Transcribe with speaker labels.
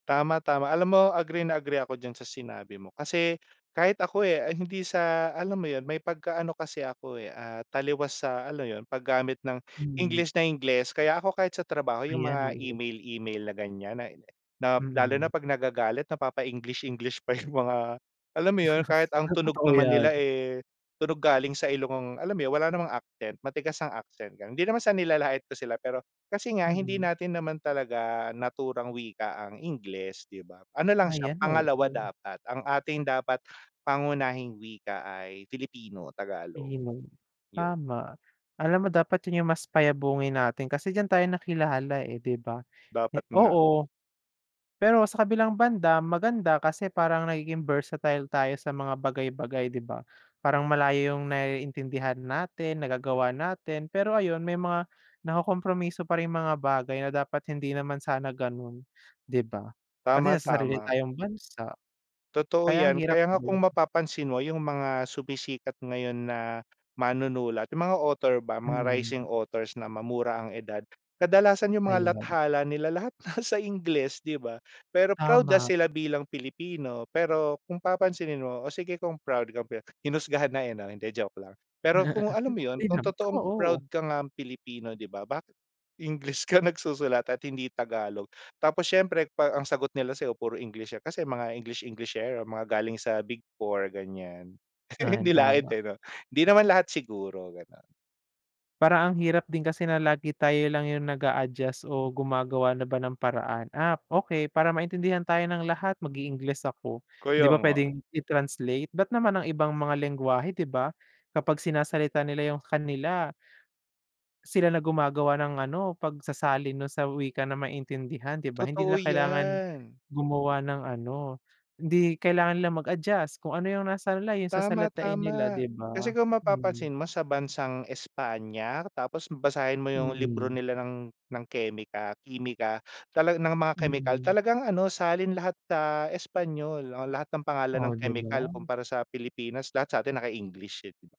Speaker 1: Tama, tama, alam mo agree na agree ako diyan sa sinabi mo kasi kahit ako, eh, hindi sa alam mo 'yon may pagka-ano kasi ako, eh, ah, taliwas sa ano 'yon paggamit ng
Speaker 2: Mhm.
Speaker 1: Ingles na Ingles. Kaya ako kahit sa trabaho yung
Speaker 2: Ayan,
Speaker 1: mga
Speaker 2: oo.
Speaker 1: email-email na gan'yan. na na lalo
Speaker 2: Mm.
Speaker 1: na pag nagagalit napapa-English-English pa yung mga, alam mo 'yon. Kahit ang
Speaker 2: Ay
Speaker 1: tunog
Speaker 2: totoo,
Speaker 1: naman nila,
Speaker 2: 'yan.
Speaker 1: eh, tunog galing sa ilong, alam mo wala namang accent matigas ang accent, hindi naman sa nilalait ko sila pero kasi nga hindi
Speaker 2: Mm.
Speaker 1: natin naman talaga naturang wika ang Ingles, 'di ba? Ano lang siya
Speaker 2: Ayan,
Speaker 1: pangalawa
Speaker 2: oo.
Speaker 1: dapat, ang ating dapat pangunahing wika ay Filipino, Tagalog.
Speaker 2: [unintelligible]
Speaker 1: Yun.
Speaker 2: tama. Alam mo dapat 'yon yung mas payabungin natin kasi diyan tayo nakilala, eh, 'di ba? Eh,
Speaker 1: Dapat nga.
Speaker 2: oo. Pero sa kabilang banda maganda kasi parang nagiging versatile tayo sa mga bagay-bagay, 'di ba? Parang malayo yung naiintindihan natin nagagawa natin pero ayun may mga nakokompromiso pa ring mga bagay na dapat hindi naman sana gano'n, 'di ba? Kasi
Speaker 1: Tama,
Speaker 2: nasa sarili
Speaker 1: tama.
Speaker 2: tayong bansa.
Speaker 1: Totoo
Speaker 2: Kaya ang
Speaker 1: 'yan,
Speaker 2: hirap
Speaker 1: kaya nga kung
Speaker 2: din.
Speaker 1: mapapansin mo yung mga sumisikat ngayon na manunulat yung mga author ba mga
Speaker 2: Mm.
Speaker 1: rising authors na mamura ang edad. Kadalasan yung mga
Speaker 2: Ayun.
Speaker 1: lathala nila lahat nasa Ingles, 'di ba? Pero proud na
Speaker 2: Tama.
Speaker 1: sila bilang Pilipino pero kung papansinin mo, o sige kung proud ka be. Hinusgahan na, eh, no? Hindi joke lang. Pero kung alam mo yun
Speaker 2: Di
Speaker 1: kung
Speaker 2: naman,
Speaker 1: totoong
Speaker 2: totoo.
Speaker 1: proud ka ngang Pilipino 'di ba, bakit English ka nagsusulat at hindi Tagalog. Tapos siyempre pag ang sagot nila sayo puro English kasi mga English Englishero mga galing sa big 4 gan'yan,
Speaker 2: Ay,
Speaker 1: nilait
Speaker 2: tama.
Speaker 1: eh 'no. Hindi naman lahat siguro ganon.
Speaker 2: Parang ang hirap din kasi na lagi tayo lang yung nag-aadjust o gumagawa na ba ng paraan, "Ah, okey para maintindihan tayo ng lahat mag-i-Ingles ako," 'di
Speaker 1: Kaya
Speaker 2: ba
Speaker 1: nga.
Speaker 2: puwedeng i-translate, ba't naman ang ibang mga lenggwahe 'di ba kapag sinasalita nila yung kanila. Sila na gumagawa ng ano pagsasalin nun sa wika na maintindihan, 'di ba? Hindi
Speaker 1: Totoo,
Speaker 2: nila kailangan
Speaker 1: 'yan.
Speaker 2: gumawa ng ano, hindi kailangan nila mag-adjust kung ano yung nasa-line yung
Speaker 1: Tama,
Speaker 2: sasalitain nila,
Speaker 1: tama
Speaker 2: di
Speaker 1: kasi
Speaker 2: ba?
Speaker 1: kung
Speaker 2: Mhm.
Speaker 1: mapapansin mo sa bansang Espanya, tapos basahin mo yung libro
Speaker 2: Mm.
Speaker 1: nila ng ng kemik kimika talaan ng mga kemikal
Speaker 2: Mm.
Speaker 1: talagang ano, salin lahat sa Espanyol o lahat ng pangalan
Speaker 2: Oh,
Speaker 1: ng
Speaker 2: 'di
Speaker 1: kemikal
Speaker 2: ba.
Speaker 1: kumpara sa Pilipinas lahat sa atin naka-English, eh, di ba?